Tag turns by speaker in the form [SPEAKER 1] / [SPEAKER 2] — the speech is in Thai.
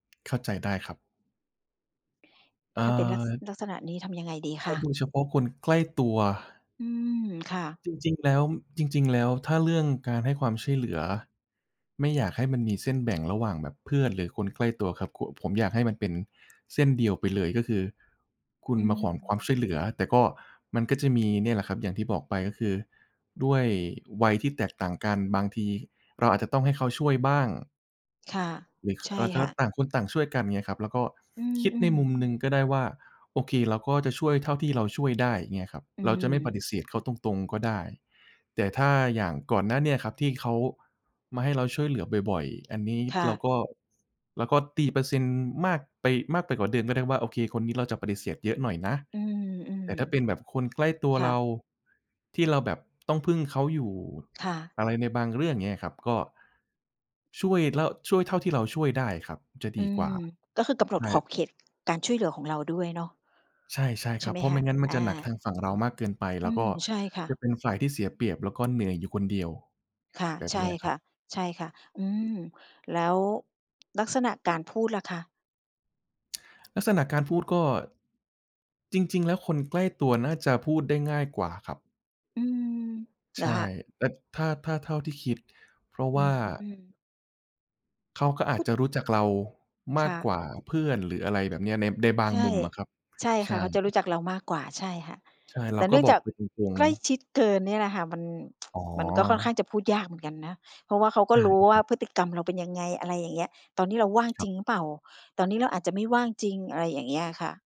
[SPEAKER 1] เข้าใจได้ครับ เอ่
[SPEAKER 2] ถ้าเป็น ลักษ
[SPEAKER 1] อ
[SPEAKER 2] ลักษณะนี้ทำยังไงดีค
[SPEAKER 1] ถ้า
[SPEAKER 2] ะ?
[SPEAKER 1] ดูเฉพาะคนใกล้ตัว
[SPEAKER 2] อืม ค่ะ
[SPEAKER 1] จริง ๆ แล้ว จริง ๆ แล้ว ถ้าเรื่องการให้ความช่วยเหลือ ไม่อยากให้มันมีเส้นแบ่งระหว่างแบบเพื่อน หรือคนใกล้ตัวครับ ค ผมอยากให้มันเป็นเส้นเดียวไปเลย ก็คือคุ
[SPEAKER 2] อื
[SPEAKER 1] ณมาขอความ
[SPEAKER 2] ม
[SPEAKER 1] ช่วยเหลือ แต่ก็ มันก็จะมีเนี่ยแหละครับ อย่างที่บอกไปก็คือ ด้วยวัยที่แตกต่างกัน บางทีเราอาจจะต้องให้เขาช่วยบ้าง
[SPEAKER 2] ค่ะ
[SPEAKER 1] หรือ ค
[SPEAKER 2] ใช่
[SPEAKER 1] อะไรก็
[SPEAKER 2] ค
[SPEAKER 1] แล
[SPEAKER 2] ่
[SPEAKER 1] ้
[SPEAKER 2] ะ
[SPEAKER 1] ว ต่างคนต่างช่วยกันเงี้ยครับ แล้วก็
[SPEAKER 2] อื
[SPEAKER 1] คิดใน
[SPEAKER 2] อ
[SPEAKER 1] มุม
[SPEAKER 2] ๆ
[SPEAKER 1] หนึ่งก็ได้ว่า โอเค เราก็จะช่วยเท่าที่เราช่วยได้ เงี้ยครับ
[SPEAKER 2] อื
[SPEAKER 1] เราจะไม่ปฏ
[SPEAKER 2] ม
[SPEAKER 1] ิเสธเขาตรง ๆ ก็ได้ แต่ถ้าอย่างก่อนหน้าเนี้ยครับ ที่เขามาให้เราช่วยเหลือบ่อย ๆ อันนี้
[SPEAKER 2] ค่
[SPEAKER 1] เรา
[SPEAKER 2] ะ
[SPEAKER 1] ก็ เราก็ตีเปอร์เซ็นต์มากไป มากไปกว่าเดิมก็ได้ว่า โอเค คนนี้เราจะปฏิเสธเยอะหน่อยนะ
[SPEAKER 2] อืม
[SPEAKER 1] แต่ถ้าเป็นแบบคนใกล้ตัว
[SPEAKER 2] ๆ ค่
[SPEAKER 1] เร
[SPEAKER 2] ะ
[SPEAKER 1] า ที่เราแบบต้องพึ่งเขาอยู่
[SPEAKER 2] ค่ะ
[SPEAKER 1] อะไรในบางเรื่อง เงี้ยครับ ก็ ช่วยแล้ว ช่วยเท่าที่เราช่วยได้ครับ จะ
[SPEAKER 2] อ
[SPEAKER 1] ด
[SPEAKER 2] ื
[SPEAKER 1] ีกว
[SPEAKER 2] ม
[SPEAKER 1] ่า
[SPEAKER 2] ก็คือกำหน
[SPEAKER 1] ใช
[SPEAKER 2] ดขอ
[SPEAKER 1] ่
[SPEAKER 2] บเขตการช่วยเหลือของเราด้วยเนาะ?
[SPEAKER 1] ใช่ ๆ
[SPEAKER 2] ใช
[SPEAKER 1] ค
[SPEAKER 2] ่
[SPEAKER 1] รั
[SPEAKER 2] ไ
[SPEAKER 1] บ
[SPEAKER 2] หม
[SPEAKER 1] เพรา
[SPEAKER 2] ค
[SPEAKER 1] ะไม
[SPEAKER 2] ะ?
[SPEAKER 1] ่งั้นมัน
[SPEAKER 2] อา
[SPEAKER 1] จะหนักทางฝั่งเรามากเกินไป
[SPEAKER 2] อ
[SPEAKER 1] แ
[SPEAKER 2] ื
[SPEAKER 1] ล้วก
[SPEAKER 2] ม
[SPEAKER 1] ็
[SPEAKER 2] ใช่ค่
[SPEAKER 1] จะ
[SPEAKER 2] ะ
[SPEAKER 1] เป็นฝ่ายที่เสียเปรียบ แล้วก็เหนื่อยอยู่คนเดียว
[SPEAKER 2] ค่ะ
[SPEAKER 1] แบบ
[SPEAKER 2] ใช
[SPEAKER 1] เน
[SPEAKER 2] ่
[SPEAKER 1] ี้ยค
[SPEAKER 2] ค
[SPEAKER 1] ร
[SPEAKER 2] ่
[SPEAKER 1] ับ
[SPEAKER 2] ะ ใช่ค่ะ อืม แล้ว ลักษณะการพูดล่ะคะ?
[SPEAKER 1] ลักษณะการพูดก็ จริง ๆ แล้วคนใกล้ตัวน่าจะพูดได้ง่ายกว่าครับ
[SPEAKER 2] อืม เห
[SPEAKER 1] ใ
[SPEAKER 2] ร
[SPEAKER 1] ช
[SPEAKER 2] อค
[SPEAKER 1] ่
[SPEAKER 2] ะ?
[SPEAKER 1] แต่ ถ้า ถ้าเท่าที่คิด เพราะ
[SPEAKER 2] อื
[SPEAKER 1] ว่า
[SPEAKER 2] ม
[SPEAKER 1] เขาก็อ
[SPEAKER 2] พ
[SPEAKER 1] า
[SPEAKER 2] ู
[SPEAKER 1] จ
[SPEAKER 2] ด
[SPEAKER 1] จะรู้จักเราม
[SPEAKER 2] ค
[SPEAKER 1] าก
[SPEAKER 2] ่
[SPEAKER 1] ก
[SPEAKER 2] ะ
[SPEAKER 1] ว่าเพื่อน หรืออะไรแบบเนี้ย ใน ในบา
[SPEAKER 2] ใ
[SPEAKER 1] ง
[SPEAKER 2] ช
[SPEAKER 1] ม
[SPEAKER 2] ่
[SPEAKER 1] ุมอะครับ
[SPEAKER 2] ใช่
[SPEAKER 1] ใช
[SPEAKER 2] ค่ะ เขาจะรู
[SPEAKER 1] ่
[SPEAKER 2] ้จักเรามากกว่า ใช่ค่ะ
[SPEAKER 1] ใช่
[SPEAKER 2] แ
[SPEAKER 1] เร
[SPEAKER 2] ต
[SPEAKER 1] า
[SPEAKER 2] ่เน
[SPEAKER 1] ก็
[SPEAKER 2] ื่อง
[SPEAKER 1] บ
[SPEAKER 2] จ
[SPEAKER 1] อก
[SPEAKER 2] าก
[SPEAKER 1] ไปตรง
[SPEAKER 2] ใกล้
[SPEAKER 1] ๆ
[SPEAKER 2] ชิดเกินเนี่ยแหละค่ะ มัน
[SPEAKER 1] อ๋
[SPEAKER 2] มันก็ค่อนข้า
[SPEAKER 1] อ
[SPEAKER 2] งจะพูดยากเหมือนกันนะ เพราะว่าเขาก
[SPEAKER 1] ได
[SPEAKER 2] ็
[SPEAKER 1] ้
[SPEAKER 2] รู
[SPEAKER 1] ไ
[SPEAKER 2] ้
[SPEAKER 1] หม
[SPEAKER 2] ว
[SPEAKER 1] ค
[SPEAKER 2] ่
[SPEAKER 1] รั
[SPEAKER 2] า
[SPEAKER 1] บ?
[SPEAKER 2] พฤติกรรมเราเป็นยังไง อะไรอย่างเงี้ย ตอนนี้เราว่าง
[SPEAKER 1] คร
[SPEAKER 2] จร
[SPEAKER 1] ั
[SPEAKER 2] ิ
[SPEAKER 1] บ
[SPEAKER 2] งหรือเปล่า ตอนนี้เราอาจจะไม่ว่างจริง อะไรอย่างเงี้ยค่ะ